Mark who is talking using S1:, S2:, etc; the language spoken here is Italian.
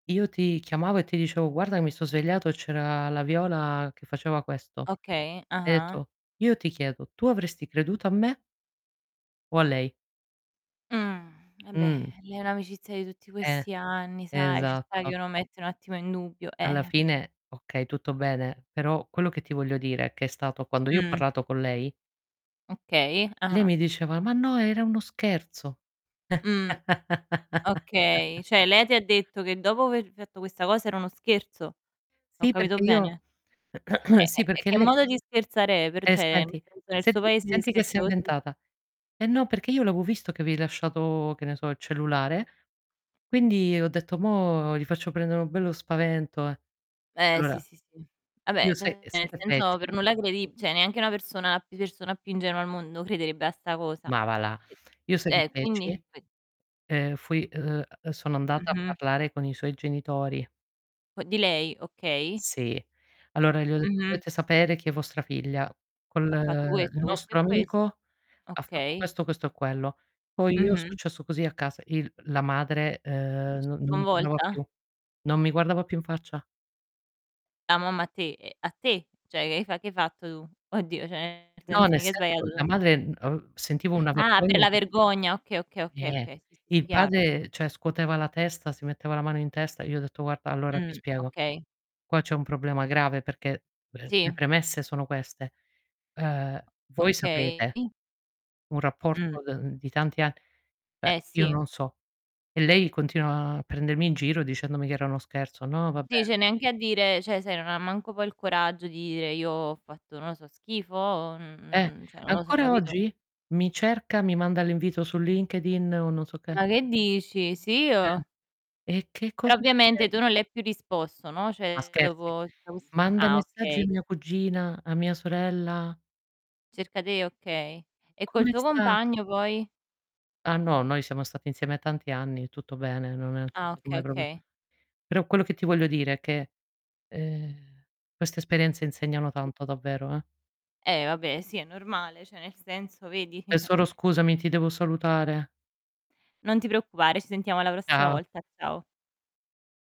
S1: Io ti chiamavo e ti dicevo: "Guarda mi so' svegliato e c'era la Viola che faceva questo".
S2: Okay.
S1: Hai
S2: Ah-ah.
S1: etto: "Io ti chiedo: 'tu avresti creduto a me'" 'o a lei?'
S2: Mh, vabbè,
S1: Mh.
S2: è un'amicizia di tutti
S1: Eh,
S2: questi anni, sai, ci sta che
S1: esatto.
S2: uno mette un attimo in dubbio,
S1: Alla
S2: eh per
S1: fine okay, tutto bene, però quello che ti voglio dire è che è stato quando io ho
S2: Mh.
S1: parlato con lei
S2: Okay.
S1: lei
S2: Ah-ah.
S1: mi diceva: "Ma no, era uno scherzo".
S2: Mh, okay. Cioè lei ti ha detto che dopo aver fatto questa cosa, era uno scherzo? Ho
S1: Sì,
S2: capito
S1: perché io
S2: bene? E
S1: sì,
S2: e e
S1: perché
S2: che
S1: lei
S2: modo di scherzare è? Per
S1: Eh,
S2: cioè,
S1: senti
S2: [unintelligible] nel suo
S1: senti
S2: paese si
S1: senti che si
S2: scherza
S1: è
S2: così?
S1: inventata: "Eh no, perché io l'avevo visto che avevi lasciato" che ne so, il cellulare, "quindi ho detto: 'mò gli faccio prendere un bello spavento, eh'".
S2: Eh, sì,
S1: Allora,
S2: sì, sì. Vabbè,
S1: io sai
S2: cioè
S1: e sai
S2: nel
S1: che
S2: senso,
S1: feci?
S2: per nulla credib cioè neanche una persona pi persona più ingenua al mondo crederebbe a 'sta cosa.
S1: Ma va là.
S2: E
S1: Io sai che
S2: eh, quindi?
S1: feci?
S2: Qui
S1: Ehm, fui ehm, ehm sono andata a
S2: Mh-mh.
S1: parlare con i suoi genitori.
S2: O di lei, okay.
S1: Sì. Allora gli ho detto:
S2: Mh-mh.
S1: "Dovete sapere che vostra figlia col
S2: Ha fatto
S1: il
S2: questo, questo e
S1: nostro
S2: quest
S1: amico ha fatto
S2: okay.
S1: questo, questo e quello". Poi io è
S2: Mh-mh.
S1: successo così a casa, il la madre, ehm, non non mi guardava
S2: Sconvolta?
S1: più non mi guardava più in faccia.
S2: La mamma a te, ehm, a te? Cioè che hai fa che hai fatto tu? Oddio, cioè nel
S1: No,
S2: senso
S1: nel
S2: mica hai sbagliato
S1: senso,
S2: tu.
S1: la madre, uhm, ehm, sentivo una
S2: Ah, per
S1: vergogna
S2: la
S1: che
S2: vergogna. Okay, okay, okay,
S1: Eh,
S2: okay. S sì, sì
S1: il
S2: chiaro.
S1: padre cioè scuoteva la testa, si metteva la mano in testa. Io ho detto: "Guarda, allora ti
S2: Mh,
S1: spiego.
S2: okay.
S1: Qua c'è un problema grave perché, beh, le
S2: Sì.
S1: premesse sono queste: ehm, voi sapete,
S2: Okay.
S1: un
S2: Mh.
S1: rapporto de uhm, di tanti ann" beh,
S2: Eh,
S1: io
S2: sì.
S1: non so. E lei continua a prendermi in giro dicendomi che era uno scherzo: "No, vabbè"
S2: Sì, cioè neanche a dire cioè sai non ha manco poi il coraggio di dire: "Io ho fatto", non lo so, "schifo", o, mh mh
S1: Eh,
S2: mhmm, cioè non lo so,
S1: ancora
S2: capito?
S1: oggi mi cerca, mi manda l'invito su LinkedIn o non so che.
S2: Ma che dici? Sì,
S1: Eh,
S2: io?
S1: e che
S2: Però
S1: cosa mi
S2: ovviamente
S1: de
S2: tu non le hai più risposto, no,
S1: Ma
S2: cioè
S1: scherzi?
S2: dopo tutto ques
S1: Manda i
S2: ah,
S1: messaggi a
S2: okay.
S1: mia cugina, a mia sorella.
S2: Cerca te okay. E col
S1: "Come
S2: tuo
S1: sta?"
S2: compagno poi?
S1: Ah no, noi siamo stati insieme a tanti anni, tutto bene, non è
S2: Ah,
S1: [unintelligible]
S2: oka
S1: mai proprio.
S2: okay.
S1: Però quello che ti voglio dire è che, ehm, queste esperienze insegnano tanto, davvero, eh.
S2: Eh, vabbè, sì è normale. Cioè nel senso, vedi?
S1: Tesoro scusami, ti devo salutare.
S2: Non ti preoccupare, ci sentiamo la prossima
S1: Ciao.
S2: volta. Ciao.